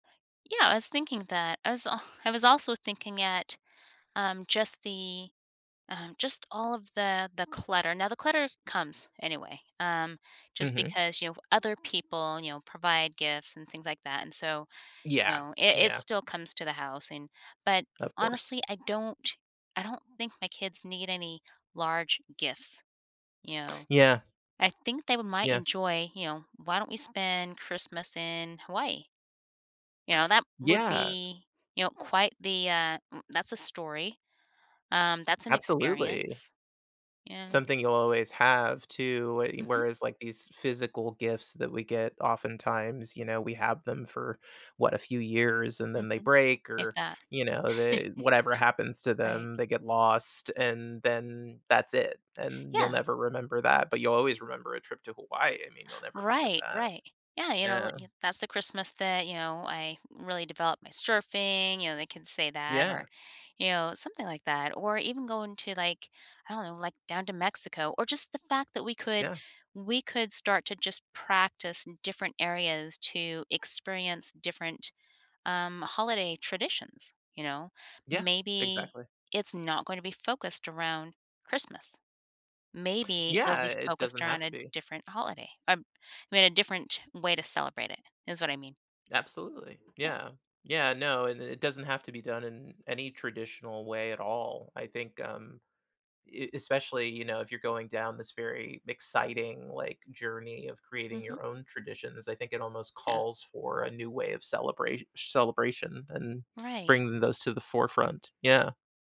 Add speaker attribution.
Speaker 1: Yeah, I was thinking that I was I was also thinking at, um, just the, um just all of the the clutter, now the clutter comes anyway, um, just
Speaker 2: Mhm.
Speaker 1: because, you know, other people, you know, provide gifts and things like that, and so, you
Speaker 2: Yeah,
Speaker 1: know, it it
Speaker 2: yeah.
Speaker 1: still comes to the house, and but,
Speaker 2: Of course.
Speaker 1: honestly, I don't I don't think my kids need any large gifts, you know?
Speaker 2: Yeah.
Speaker 1: I think they might
Speaker 2: Yeah.
Speaker 1: enjoy, you know, "Why don't we spend Christmas in Hawaii?" You know, that would
Speaker 2: Yeah.
Speaker 1: be, you know, quite the, uh, m "That's a story. Um, that's an
Speaker 2: Absolutely.
Speaker 1: experience." And
Speaker 2: Something you'll always have too, we
Speaker 1: Mhm.
Speaker 2: whereas like these physical gifts that we get oftentimes, you know, we have them for, what, a few years, and then they
Speaker 1: Mhm.
Speaker 2: break
Speaker 1: If
Speaker 2: or,
Speaker 1: that.
Speaker 2: you know, the whatever happens to
Speaker 1: Right.
Speaker 2: them, they get lost, and then that's it, and you'll
Speaker 1: Yeah.
Speaker 2: never remember that, but you'll always remember a trip to Hawaii, I mean, you'll never forget
Speaker 1: Right,
Speaker 2: that.
Speaker 1: right. Yeah, you know, l
Speaker 2: Yeah.
Speaker 1: "That's the Christmas that, you know, I really developed my surfing." You know, they can say that
Speaker 2: Yeah.
Speaker 1: or, you know, something like that, or even going to, like, I don't know, like, down to Mexico or just the fact that we could
Speaker 2: Yeah.
Speaker 1: we could start to just practice different areas to experience different, um, holiday traditions, you know?
Speaker 2: Yeah,
Speaker 1: Maybe
Speaker 2: exactly.
Speaker 1: it's not gonna be focused around Christmas. Maybe it'll
Speaker 2: Yeah,
Speaker 1: be
Speaker 2: it
Speaker 1: focused
Speaker 2: doesn't
Speaker 1: around
Speaker 2: have
Speaker 1: a
Speaker 2: to be.
Speaker 1: different holiday. I m I mean, a different way to celebrate it is what I mean.
Speaker 2: Absolutely.
Speaker 1: Yeah.
Speaker 2: Yeah, yeah, no, and it it doesn't have to be done in any traditional way at all, I think, um, e especially, you know, if you're going down this very exciting, like, journey of creating
Speaker 1: Mhm.
Speaker 2: your own traditions, I think it almost
Speaker 1: Yeah.
Speaker 2: calls for a new way of celebrat celebration and
Speaker 1: Right.
Speaker 2: bringing those to the forefront, yeah.